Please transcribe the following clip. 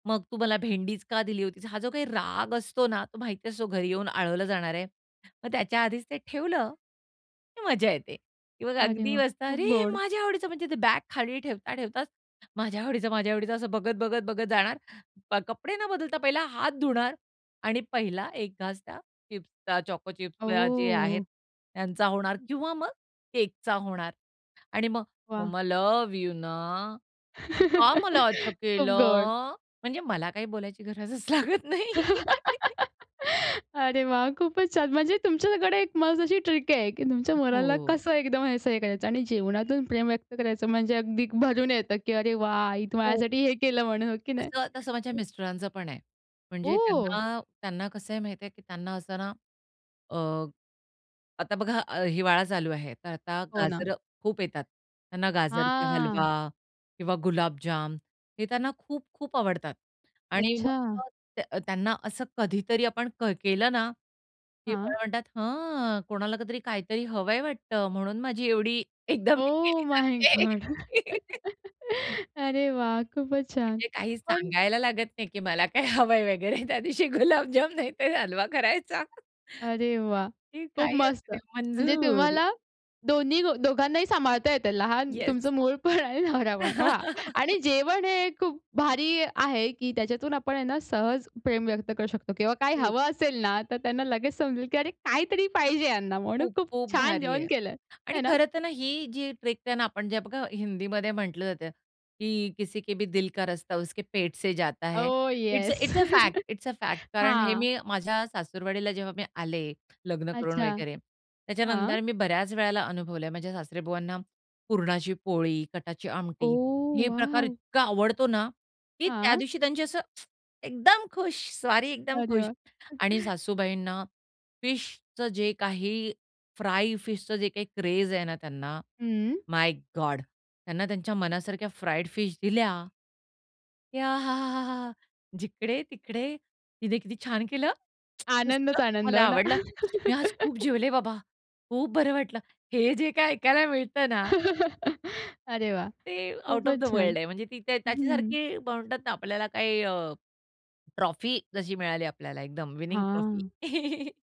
"मग तू मला भेंडीच का दिली होतीस?" हा जो काही राग असतो ना, तो माहिती असतो घरी येऊन आळवलं जाणार आहे. मग त्याच्या आधीच ते ठेवलं, की मजा येते किंवा मग अरे अगदी वाह! बसतात खूप अरे! गोड. माझ्या आवडीचं म्हणजे ते बॅग खाली ठेवता-ठेवताच माझ्या आवडीचं, माझ्या आवडीचं असं बघत-बघत-बघत जाणार कपडे न बदलता पहिला हात धुणार आणि पहिला एक घास त्या चिप्सचा, चोको चिप्स जे आहेत ओह! त्यांचा होणार किंवा मग केकचा होणार आणि मग वाह! "मम्मा लव्ह यू ना, का मला असं खूप गोड. केलं?" म्हणजे मला काही बोलायची गरजच लागत नाही. अरे वाह! खूपच छान. म्हणजे तुमच्याकडे एक मस्त अशी ट्रिक आहे, की तुमच्या मुलाला हो. कसं एकदम हे असं करायचं आणि जेवणातून प्रेम व्यक्त करायचं म्हणजे अगदी भरून येतं, की "अरे वाह! आई हो. माझ्यासाठी हे केलं" म्हणून हो की नाही? तसं तसं माझ्या मिस्टरांच पण आहे. म्हणजे ओह! त्यांना त्यांना कसं आहे माहिती आहे, की त्यांना असं ना अ, आता बघा हिवाळा चालू आहे, तर आता हो ना. गाजरं खूप येतात. त्यांना गाजरचा हलवा हां. किंवा गुलाबजाम हे त्यांना खूप-खूप आवडतात. आणि मग अच्छा. अ, त्यांना असं कधीतरी आपण केलं ना, की हां. मला म्हणतात, "हं, कोणाला काहीतरी काहीतरी हवंय वाटतं म्हणून माझी एवढी एकदम हे ओह केली माय गॉड! जातीये." अरे वाह! खूपच छान. म्हणजे काही पण सांगायला लागत नाही, की मला काय हवंय वगैरे त्या दिवशी गुलाबजाम नाही तर हलवा करायचा. अरे वाह! ती खूप काही असु मस्त. दे. म्हणजे मंजूर. तुम्हाला दोन्ही गो दोघांनाही सांभाळता येतं. लहान येस. तुमचं मूल पण आणि नवरा पण वाह! आणि जेवण हे खूप भारी आहे, की त्याच्यातून आपण हे ना सहज प्रेम व्यक्त करू शकतो किंवा काय हो. हवं असेल ना, तर त्यांना लगेच समजेल, की अरे काहीतरी पाहिजे ह्यांना म्हणून खूप, खूप खूप छान भारी जेवण आहे. केलंय, आणि है ना? खरं तर ना ही जी ट्रिक आहे ना आपण जे बघा हिंदीमध्ये म्हटलं जातं, की किसी के भी दिल का रस्ता उसके पेट से जाता है, oh it's yes! A fact, it's a fact कारण हे हां. मी माझ्या सासुरवाडीला जेव्हा मी आले लग्न करून अच्छा. वगैरे, हां. त्याच्यानंतर मी बऱ्याच वेळेला अनुभवलंय. माझ्या सासरेबुवांना पुरणाची पोळी, कटाची आमटी ओह! हे प्रकार वॉव! इतका आवडतो ना, की त्या हां. दिवशी त्यांची असं एकदम खुश स्वारी एकदम अरे खुश वाह! आणि सासूबाईंना फिशचं जे काही, फ्राय फिशचं जे काही क्रेझ आहे ना त्यांना हं. My god. त्यांना त्यांच्या मनासारख्या फ्राईड फिश दिल्या. याहांहां. या जिकड-तिकडे तिने किती छान केलं! मस्त आनंदच आनंद. मला हो ना? आवडलं. मी आज खूप जेवले बाबा. खूप बरं वाटलं. हे जे काही ऐकायला मिळतं ना अरे वाह! ते आउट ऑफ द खूपच छान. वर्ल्ड आहे. म्हणजे ती हं. त्याच्यासारखी म्हणतात ना आपल्याला काही अ, ट्रॉफी जशी मिळाली आपल्याला एकदम विनिंग ट्रॉफी. हां.